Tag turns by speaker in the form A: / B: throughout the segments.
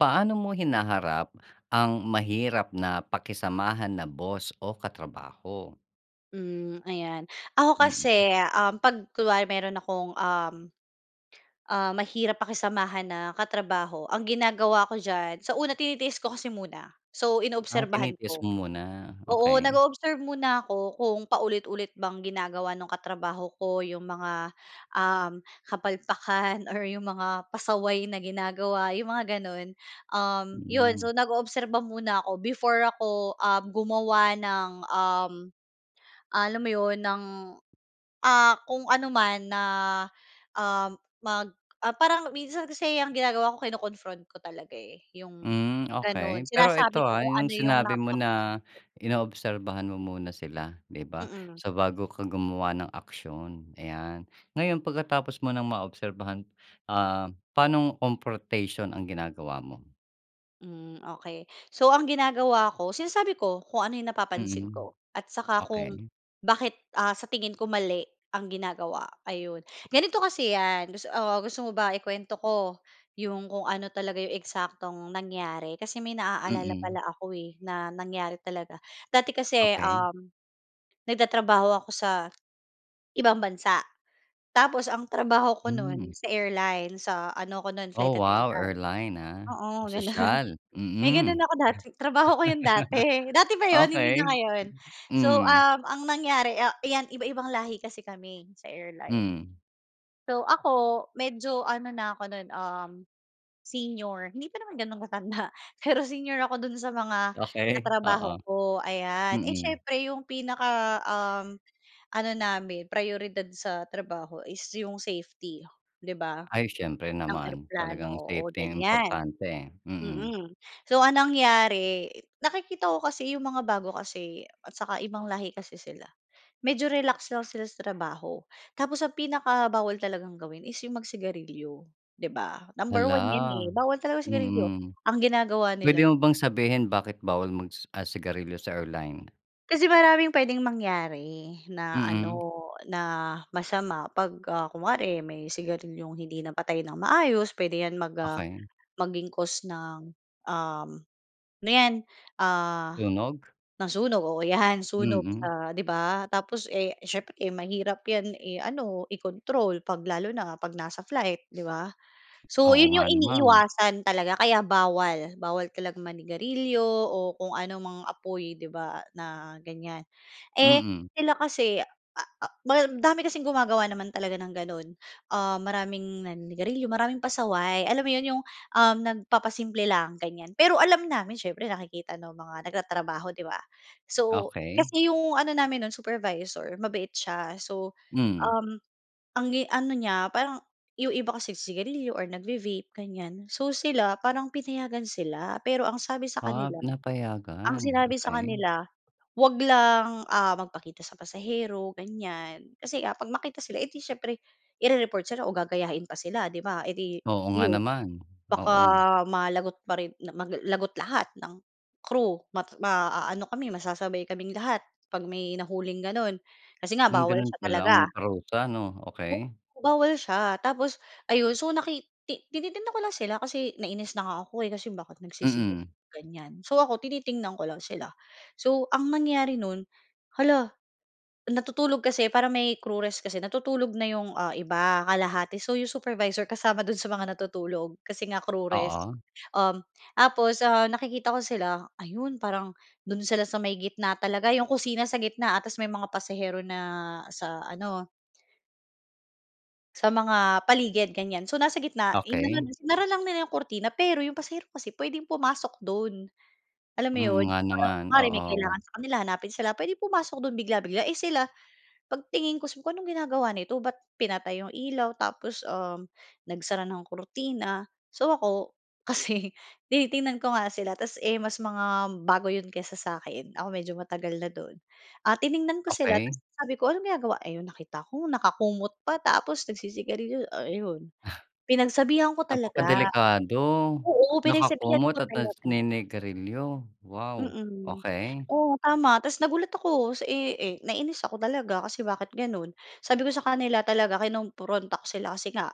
A: Paano mo hinaharap ang mahirap na pakisamahan na boss o katrabaho?
B: Hmm, ayan. Ako
A: Mm.
B: kasi, uhm, 'pag kunwari mayro'n akong, uhm, ah, mahirap pakisamahan na katrabaho, ang ginagawa ko diyan sa una tinitiis ko kasi muna. So,
A: Ah,
B: inoobserbahan
A: tinitiis
B: ko.
A: mo muna,
B: Oo
A: okey.
B: nag-o-observe muna ako kung paulit-ulit bang ginagawa nung katrabaho ko yung mga, uhm, kapalpakan or yung mga pasaway na ginagawa, yung mga gano'n. Uhm, yon
A: Mm.
B: so, nag-oobserba muna ako before ako, uhm, gumawa ng, uhm, alam mo 'yon ng, ah, kung ano man na, uhm, mag ah, parang minsan kasi ang ginagawa ko kino-confront ko talaga, eh, yung
A: Hmm,
B: gano'n.
A: okey. Pero ito,
B: Sinasabi ko
A: ah,
B: kung
A: yung
B: ano yung
A: sinabi mo
B: napapansin
A: na
B: ko.
A: inoobserbahan mo muna sila, 'di ba?
B: Mm.
A: So, bago ka gumawa ng aksiyon, ayan. Ngayon pagkatapos mo ng maobserbahan, ah, paanong confrontation ang ginagawa mo?
B: Hmm, okey. So ang ginagawa ko, sinasabi ko kung ano 'yong napapansin
A: Mm.
B: ko. At saka kung
A: Okey.
B: bakit, ah, sa tingin ko mali ang ginagawa, ayun. Ganito kasi 'yan, gus oo, gusto mo ba ikuwento ko, 'yong kung ano talaga 'yong eksaktong nangyari? Kasi may naaalala
A: Mm.
B: pala ako, eh, na nangyari talaga. Dati kasi,
A: Okey.
B: uhm, nagtatrabaho ako sa ibang bansa. Tapos ang trabaho ko
A: Hmm.
B: no'n sa airline, sa ano ko no'n
A: Oh
B: Flight
A: wow,
B: attendant,
A: airline ah.
B: oo gano'n.
A: Sosyal,
B: May gano'n
A: mm.
B: ako dati, trabaho ko 'yon dati. Dati pa 'yon, hindi na
A: Okey.
B: ngayon. So,
A: Hmm.
B: uhm, ang nangyari, a 'yan iba-ibang lahi kasi kami sa airline.
A: Hmm.
B: So ako, medyo ano na ako nun, uhm, senior. Hindi pa naman ganun katanda, pero senior ako dun sa mga
A: Okey, oo.
B: katrabaho ko, ayan. Eh
A: Mm.
B: syempre yung pinaka, uhm, ano namin, prayoridad sa trabaho, is yung safety, 'di ba?
A: Ay, syempre
B: Ang
A: naman,
B: eroplano,
A: talagang
B: oo
A: safety ang
B: ganiyan.
A: importante. Mm.
B: Mm, so ang nangyari, nakikita ko kasi 'yong mga bago kasi, at tsaka ibang lahi kasi sila. Medyo relax lang sila sa trabaho. Tapos ang pinaka bawal talagang gawin is 'yong mag-sigarilyo, 'di ba? Number 1 'yan, eh,
A: Hala,
B: bawal talaga ang sigarilyo.
A: mm.
B: Ang ginagawa
A: Pwede
B: nila
A: mo bang sabihin, bakit bawal magsi ah sigarilyo sa airline?
B: Kasi maraming puwedeng mangyari na ano
A: Mm.
B: na masama pag, ah, kunwari may sigarilyong hindi napatay ng maayos puwede 'yan mag, ah,
A: Okey.
B: maging cause ng, uhm, ano 'yan, ah,
A: Sunog?
B: ng sunog, oo 'yan sunog
A: Mm.
B: sa, 'di ba? Tapos, eh, siyempre mahirap 'yan i-ano, i-control kapag lalo na kapag nasa flight, 'di ba? So,
A: Oo
B: yun
A: nga
B: yung
A: naman.
B: iniiwasan talaga kaya bawal, bawal talaga manigarilyo o kung ano mang apoy, 'di ba, na ganyan. Eh,
A: Mm.
B: sila kasi, ah ah, madami kasing gumagawa naman talaga ng gano'n. Ah, maraming naninigarilyo, maraming pasaway. Alam mo yun, yung uhm, nagpapasimple lang, ganyan. Pero alam namin siyempre nakikita ng mga nagtatrabaho 'di ba? So,
A: Okey.
B: kasi yung ano namin no'n, supervisor, mabait siya. So,
A: Mm.
B: uhm, ang i ano niya, parang yung iba kasi sigarilyo or nag-ve vape, ganyan. So, sila parang pinayagan sila, pero ang sabi sa
A: Ah,
B: kanila, ang
A: napayagan,
B: sinabi sa
A: okey.
B: kanila huwag lang, ah, magpakita sa pasahero, ganyan. Kasi kapag makita sila eh, 'di siyempre i-re-report sila o gagayahin pa sila 'di ba, eh 'di
A: Oo nga
B: iyon.
A: naman,
B: Baka
A: oo.
B: malagot pa rin na ma mag lagot lahat ng crew, ma maaano kami masasabay kaming lahat kapag may nahuling ganon, kasi nga
A: Hmm,
B: bawal
A: gano'n
B: siya
A: pala ang
B: talaga.
A: parusa, 'no? Okey.
B: Bawal siya. Tapos ayun, so naki ti tinitingnan ko lang sila kasi nainis na nga ako eh, kasi iyon bakit nagsisigarliyo,
A: Mm.
B: ganyan. So, ako tinitingnan ko lang sila. So, ang nangyari no'n, hala natutulog kasi para may crew rest kasi natutulog na yung, ah, iba kalahati. So, yung supervisor kasama do'n sa mga natutulog kasi nga crew rest.
A: Oo.
B: Uhm, tapos, ah, nakikita ko sila ayun parang, do'n sila sa may gitna talaga yung kusina sa gitna, ah, ta's may mga pasahero na sa ano Sa mga paligid ganiyan, so nasa gitna. In-ano,
A: Okey.
B: hinarang lang nila yung kurtina pero yung pasahero kasi pwedeng pumasok do'n. Alam mo
A: Mm
B: ‘yon,
A: nga
B: yung parang
A: naman,
B: kuwari may
A: oo.
B: kailangan sa kanila hanapin sila, puwedeng pumasok dun bigla-bigla, eh, sila 'pag tingin ko so anong ginagawa nito ba't pinatay 'yong ilaw tapos, uhm, nagsara ng kurtina. So, ako kasi tinitingnan ko nga sila ta’s, eh, mas mga bago 'yon kaysa sa'kin, ako medyo matagal na do'n. Ah, tiningnan ko sila tapos
A: Okey.
B: sabi ko anong ginagawa ayon, nakita ko nakakumot pa tapos nagsisigarilyo. Ayon,
A: Ah.
B: pinagsabihan ko talaga.
A: Napakadelikado.
B: Oo, pinagsabihan ko
A: Nakakumot at
B: talaga.
A: naninigarilyo. Wow,
B: Mm.
A: okey.
B: Oo, tama. Tapos nagulat ako sa, eh, eh, nainis ako talaga kasi bakit gano'n. Sabi ko sa kanila talaga kinumpronta ko sila kasi nga,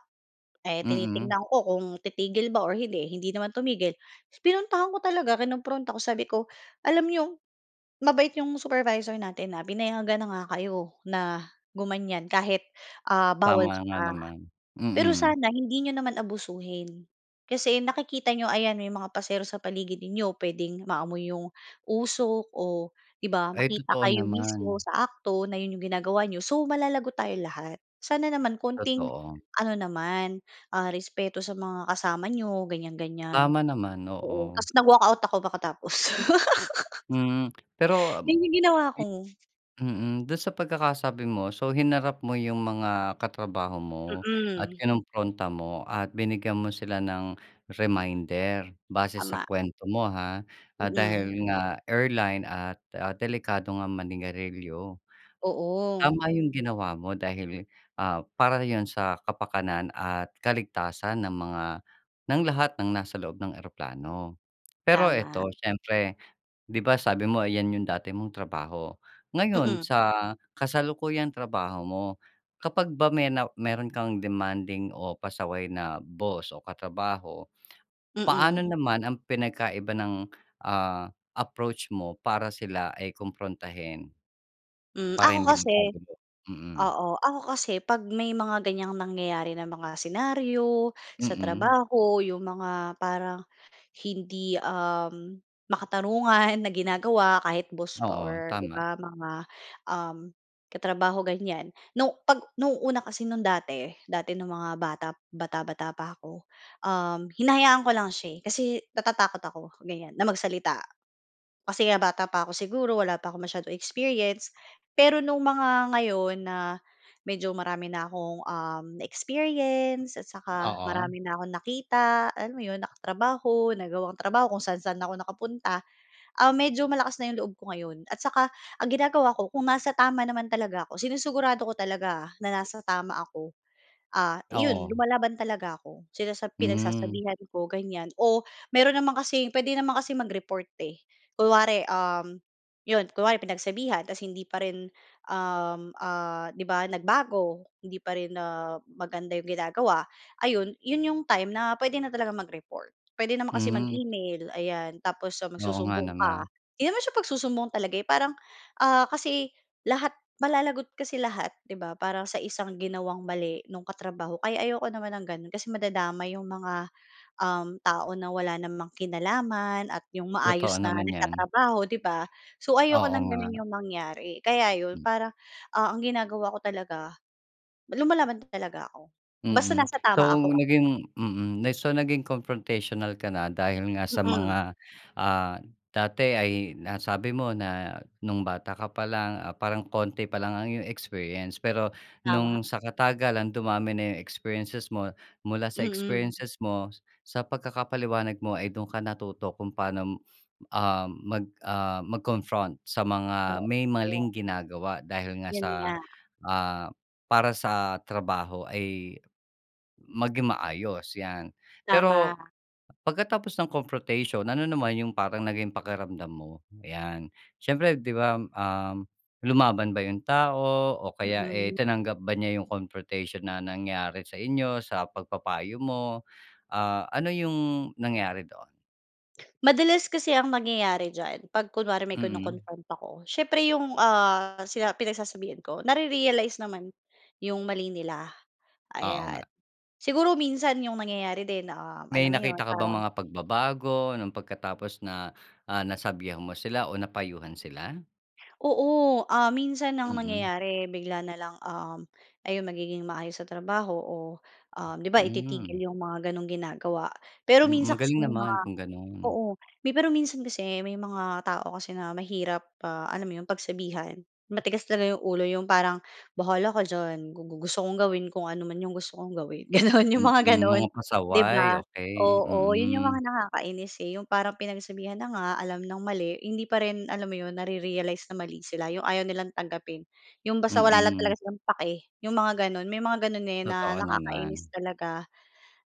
B: eh,
A: Mm.
B: tinitignan ko kung titigil ba or hindi, hindi naman tumigil. Pinuntahan ko talaga kinumpronta ko sabi ko, “Alam niyo, mabait 'yong supervisor natin, ah. Pinayagan na nga kayo na gumanyan kahit, ah, bawal
A: Tama nga
B: siya.
A: naman,
B: Pero
A: mm.
B: sana hindi niyo naman abusuhin kasi nakikita niyo, ayan may mga pasahero sa paligid ninyo. Puwedeng maamoy 'yong usok o 'di ba,
A: Ay
B: makita
A: totoo
B: kayo
A: naman.
B: mismo sa akto na 'yon 'yong ginagawa niyo, so malalagot tayo lahat. Sana naman konting
A: Totoo.
B: ano naman, ah, respeto sa mga kasama niyo.” Ganiyan-ganiyan.
A: Tama naman,
B: Oo,
A: oo.
B: tapos nag-walkout ako makatapos.
A: Hmm, pero
B: Yun yung ginawa ko.
A: mm. Do'n sa pagkakasabi mo, so hinarap mo 'yong mga katrabaho mo at
B: Mm.
A: kinompronta mo at binigyan mo sila ng reminder base sa
B: Tama.
A: kuwento mo, ha.
B: Mm.
A: Dahil nga airline at, ah, delikado nga manigarilyo.
B: Oo.
A: Tama 'yong ginawa mo dahil, ah, para 'yon sa kapakanan at kaligtasan ng mga ng lahat ng nasa loob ng eroplano. Pero
B: Tama.
A: ito siyempre, ‘di ba, sabi mo 'yan 'yong dati mong trabaho. Ngayon
B: Mm.
A: sa kasalukuyang trabaho mo, kapag ba may na meron kang demanding o pasaway na boss o katrabaho, paano
B: Mm.
A: naman ang pinagkaiba ng, ah, approach mo para sila ay komprontahin?
B: Hmm,
A: Para
B: ako
A: hindi
B: kasi
A: magkagulo, mm.
B: oo, ako kasi 'pag may mga ganiyang nangyayari ng mga senaryo sa
A: Mm.
B: trabaho, 'yong mga parang hindi, uhm, makatarungan na ginagawa kahit boss pa
A: Oo,
B: or 'di
A: tama.
B: ba, mga, uhm, katrabaho ganyan. Nung ‘pag no'ng una kasi no'ng dati, dati no'ng mga bata bata-bata pa ako, uhm, hinahayaan ko lang siya, eh, kasi natatakot ako ganiyan, na magsalita kasi nga bata pa ako siguro, wala pa akong masyadong experience. Pero nung mga ngayon na medyo marami na akong, uhm, na-experience at tsaka
A: Oo.
B: marami na akong nakita, alam mo yun, nakatrabaho, nagawang trabaho, kung saan-saan ako nakapunta, ah, medyo malakas na yung loob ko ngayon. At tsaka, ang ginagawa ko kung nasa tama naman talaga ako, sinusugurado ko talaga ah, na nasa tama ako, ah, yun
A: Oo.
B: lumalaban talaga ako. Sinasa
A: Hmm.
B: pinagsasabihan ko ganiyan o meron naman kasing pwede naman kasing mag-report, eh. Kunwari, uhm, 'yon kunwari pinagsabihan tapos hindi pa rin, uhm, ah, 'di ba nagbago, hindi pa rin ah maganda 'yong ginagawa, ayon. ‘Yon 'yong time na puwede na talagang mag-report. Puwede naman kasi
A: Hmm.
B: mag-email ayan, tapos
A: Oo, nga
B: magsusumbong ka.
A: naman.
B: 'Di naman siya pagsusumbong talaga, eh, parang, ah, kasi lahat malalagot kasi lahat, 'di ba, para sa isang ginawang mali nung katrabaho. Kaya ayoko naman ng gano'n kasi madadamay 'yong mga, um, tao na wala namang kinalaman at yung maayos
A: Totoo
B: na
A: naman yan.
B: nagtatrabaho, 'di ba? So, ayoko
A: Oo,
B: ng
A: nga.
B: ganun yung mangyari. Kaya 'yon
A: M
B: parang, ah, ang ginagawa ko talaga, lumalaban talaga ako. Basta
A: Mm,
B: nasa tama
A: so
B: ako ah.
A: naging mm, so naging confrontational ka na dahil nga sa
B: Mm.
A: mga, ah, dati ay nasabi mo na nung bata ka pa lang parang konti pa lang ang iyong experience. Pero
B: Tama.
A: nung sa katagalan dumami na yung experiences mo mula sa
B: Mm.
A: experiences mo, sa pagkakapaliwanag mo ay dun ka natuto kung paano, ah, mag, ah, mag-confront sa mga may
B: Oo.
A: maling ginagawa dahil nga
B: Yun
A: sa
B: nga.
A: ah, para sa trabaho ay maging maayos, ‘yan. Pero
B: Tama.
A: pagkatapos ng confrontation, ano naman yung parang naging pakiramdam mo? ‘Yan, siyempre, ‘di ba, um, lumaban ba yung tao o kaya, eh,
B: Mm.
A: tinanggap ba niya yung confrontation na nangyari sa inyo sa pagpapayo mo, ah, ano yung nangyari doon?
B: Madalas kasi ang nangyayari diyan 'pag kunwari may
A: Mm.
B: kino-confront ako, siyempre yung, ah, sina pinagsasabihan ko, nare-realize naman yung mali nila,
A: Oo
B: ayan.
A: nga.
B: Siguro minsan yung nangyayari din, uhm,
A: May
B: alam mo 'yon,
A: nakita ka bang
B: parang
A: mga pagbabago nung pagkatapos na, ah, nasabihan mo sila o napayuhan sila?
B: Oo. Ah, minsan ang
A: Mm.
B: nangyayari bigla na lang, uhm, ayun magiging maayos sa trabaho o, uhm, 'di ba ititigil
A: Hmm.
B: yung mga gano'ng ginagawa. Pero
A: Hmm,
B: minsan kasi
A: magaling
B: may mga
A: naman kung gano'n.
B: oo may pero minsan kasi may mga tao kasi na mahirap, ah, alam mo 'yon pagsabihan. Matigas talaga yung ulo, yung parang, "Bahala ka diyan, gu gu gusto kong gawin kung ano man yung gusto kong gawin." Gano'n, yung mga
A: Mm,
B: gano'n
A: mga
B: di ba?
A: pasaway. Okey,
B: Oo 'yon yung
A: mm.
B: mga nakakainis, eh, yung parang pinagsabihan na nga, alam ng mali hindi pa rin alam mo 'yon nare-realize na mali sila. Yung ayaw nilang tanggapin. Yung basta wala lang talaga
A: Mm.
B: silang pake, yung mga gano'n. May mga gano'n, eh, na
A: Totoo
B: nakakainis
A: naman.
B: talaga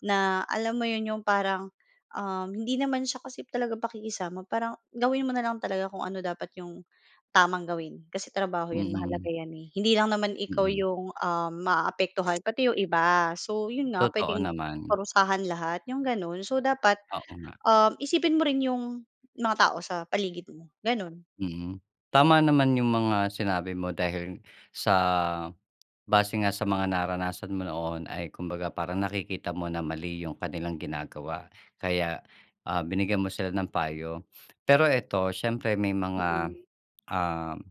B: na alam mo 'yon yung parang, uhm, hindi naman siya kasi talaga pakikisama. Parang gawin mo na lang talaga kung ano dapat yung tamang gawin. Kasi trabaho 'yan, mahalaga
A: Mm.
B: 'yan eh. Hindi lang naman ikaw
A: Mm.
B: yung, uhm, maaapektuhan pati yung iba. So, 'yon nga
A: Totoo
B: puwedeng
A: naman.
B: parusahan lahat, yung gano'n. So, dapat,
A: Oo nga.
B: uhm, isipin mo rin yung mga tao sa paligid mo. Gano'n.
A: Mhm. Tama naman yung mga sinabi mo dahil sa base nga sa mga naranasan mo noon ay kumbaga parang nakikita mo na mali yung kanilang ginagawa. Kaya, ah, binigyan mo sila ng payo. Pero ito siyempre may mga,
B: Mm.
A: uhm,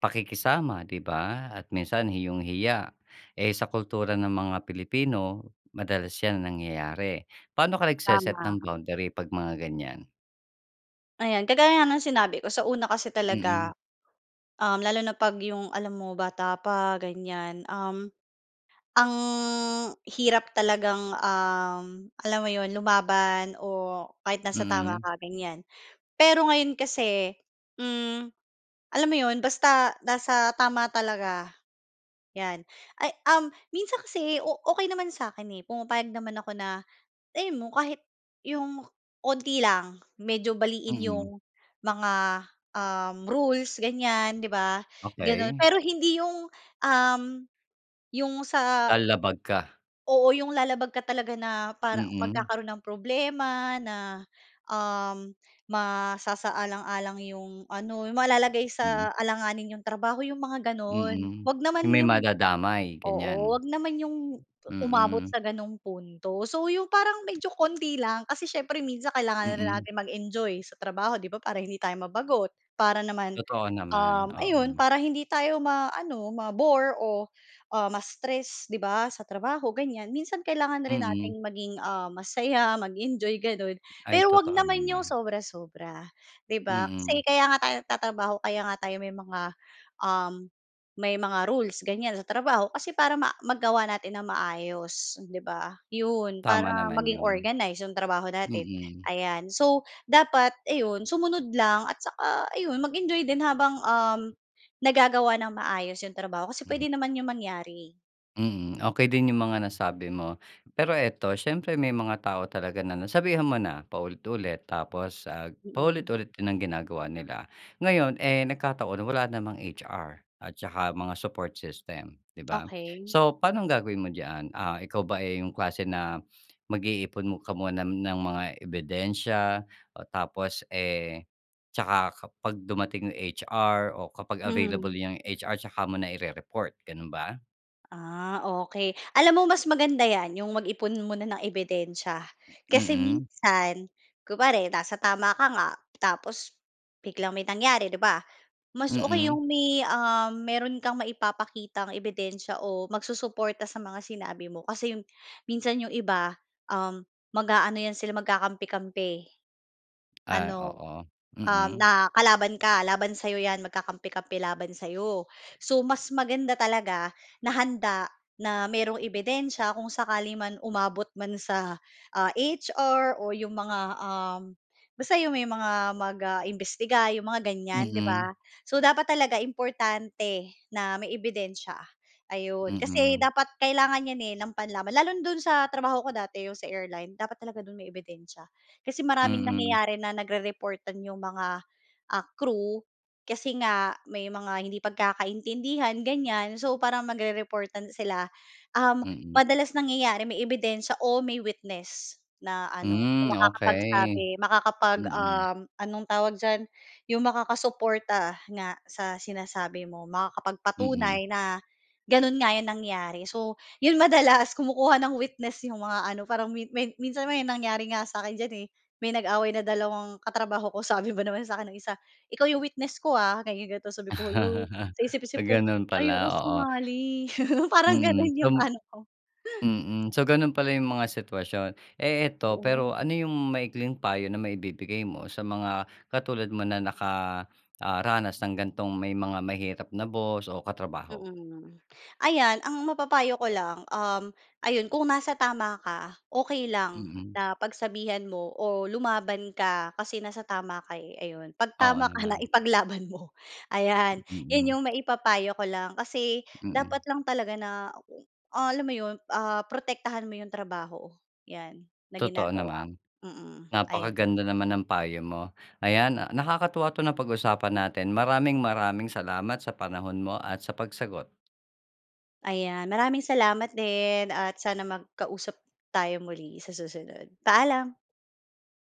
A: pakikisama 'di ba at minsan iyong hiya, eh, sa kultura ng mga Pilipino madalas yan nangyayari. Paano ka nagse-set
B: Tama.
A: ng boundary 'pag mga ganyan?
B: Ayan, kagaya nga ng sinabi ko sa una kasi talaga,
A: Mm.
B: uhm, lalo na 'pag 'yong alam mo bata pa, ganyan, uhm, ang hirap talagang, uhm, alam mo 'yon, lumaban o kahit nasa tama
A: Mm.
B: ka, ganyan. Pero ngayon kasi, hmm, alam mo 'yon, basta nasa tama talaga, 'yan. Ay uhm, minsan kasi o okey naman sa'kin, eh, pumapayag naman ako na alam mo kahit 'yong kaunti lang. Medyo baliin
A: Mm.
B: 'yong mga, uhm, rules, ganyan, 'di ba, gano'n.
A: Okey.
B: Pero hindi 'yong, uhm, 'yong sa
A: Lalabag ka.
B: oo, yung lalabag ka talaga na para
A: Mm.
B: magkakaroon ng problema na, uhm, masasaalang-alang yung ano yung malalagay
A: Mm.
B: sa alanganin 'yong trabaho, yung mga ganun.
A: Mm.
B: Huwag naman
A: 'Yong may
B: 'yong
A: madadamay,
B: oo,
A: ganyan.
B: huwag naman 'yong u umabot
A: Mm.
B: sa gano'ng punto. So, 'yong parang medyo kaunti lang, kasi siyempre minsan kailangan rin
A: Mm.
B: natin mag-enjoy sa trabaho, 'di ba, para hindi tayo mabagot. Para naman,
A: Totoo naman,
B: uhm, ayon
A: oo.
B: para hindi tayo maano, ma-bore o, ah, ma-stress, 'di ba, sa trabaho, ganyan. Minsan kailangan na rin
A: Mm.
B: nating maging, ah, masaya, mag-enjoy, gano'n
A: Ay,
B: pero huwag
A: totoo
B: naman 'yong
A: naman.
B: sobra-sobra, 'di ba? Kasi
A: Mm.
B: kaya nga tayo nagtatrabaho, kaya nga tayo may mga, uhm, may mga rules ganyan sa trabaho kasi para ma magawa natin nang maayos 'di ba? 'Yon, para
A: Tama naman
B: maging
A: 'yon.
B: organized 'yong trabaho natin,
A: Mm.
B: ayan. So, dapat ayun sumunod lang at saka ayun, mag-enjoy din habang, uhm, nagagawa nang maayos 'yong trabaho kasi
A: Mhm.
B: puwede naman 'yong mangyari, eh.
A: Hmm, okey din yung mga nasabi mo. Pero ito, siyempre may mga tao talaga na nasabihan mo na paulit-ulit tapos, ah,
B: Mm.
A: paulit-ulit din ang ginagawa nila. Ngayon, eh, nagkataon wala namang HR, at saka mga support system 'di ba.
B: Okey.
A: So, paano ang gagawin mo diyan? Ah, ikaw ba, eh, yung klase na mag-iipon ka muna ng mga ebidensiya, oh tapos, eh, tsaka kapag dumating yung HR, o kapag available
B: Mhm.
A: yung H-R tsaka muna i-re-report, gano'n ba?
B: Ah, okey. Alam mo mas maganda 'yan yung mag-ipon muna ng ebidensiya. Kasi
A: Mm.
B: minsan kunwari nasa tama ka nga tapos biglang may nangyari 'di ba, mas okey
A: Mm.
B: yung may, uhm, mayro'n kang maipapakitang ebidensiya o magsusuporta sa mga sinabi mo kasi yung minsan yung iba, uhm, mag-aano yan sila, magkakampi-kampi.
A: Ah,
B: Ano,
A: oo,
B: uhm,
A: mm.
B: na kalaban ka laban sa'yo 'yan magkakampi-kampi laban sa'yo. So, mas maganda talaga na handa na mayroong ebidensiya kung sakali man umabot man sa, ah, HR o yung mga, uhm, basta yung may mga, ah, mag-imbestiga yung mga ganyan 'di ba.
A: Mhm.
B: So, dapat talaga importante na may ebidensiya, ayun. Kasi
A: Mhm.
B: dapat kailangan 'yan, eh, nang panlaban. Lalo na do'n sa trabaho ko dati yung sa airline, dapat talaga do'n may ebidensiya, kasi maraming
A: Mm.
B: nangyayari na nagre-reportan yung mga, ah, crew kasi nga, may mga hindi pagkakaintindihan, ganyan. So, parang magre-reportan sila. Uhm,
A: Mm.
B: madalas nangyayari may ebidensiya o may witness na ano, na
A: Hmm, okey.
B: makakapagsabi, makakapag
A: Mm.
B: uhm, anong tawag diyan yung makakasuporta nga sa sinasabi mo,
A: Mm.
B: makakapagpatunay na gano'n nga yung nangyari. So, yon madalas kumukuha ng witness yung mga ano, parang may minsan may nangyari nga sa akin diyan, eh, may nag-away na dalawang katrabaho ko sabi ba naman sa akin nung isa, "Ikaw yung witness ko, ah." ganyan ganito sabi ko, "Hala." sa isip-isip ko
A: Gano'n pala,
B: "Ayoko
A: oo.
B: sumali." parang
A: Mhm,
B: gano'n
A: so
B: yung ano ko
A: mm. So, gano'n pala yung mga sitwasyon. Eh, ito
B: Oo
A: pero
B: nga.
A: ano yung maikling payo na maibibigay mo sa mga katulad mo na naka, ah, ranas ng ganitong may mga mahirap na boss o katrabaho?
B: Mm, ayan ang mapapayo ko lang, uhm, ayun kung nasa tama ka, okey lang
A: Mm.
B: na pagsabihan mo o lumaban ka kasi nasa tama ka, eh, ayun. 'Pag
A: Oo
B: tama ka na,
A: naman.
B: ipaglaban mo, ayan. Yan
A: Mm.
B: yung maipapayo ko lang, kasi
A: Mm.
B: dapat lang talaga na, ah, alam mo 'yon, ah, protektahan mo yung trabaho, yan na
A: Totoo
B: ginagawa mo.
A: naman,
B: Mm, ayan.
A: napakaganda naman ng payo mo. Ayan, nakakatuwa itong napag-usapan natin. Maraming maraming salamat sa panahon mo at sa pagsagot.
B: Ayan, maraming salamat din at sana magkausap tayo muli, sa susunod. Paalam.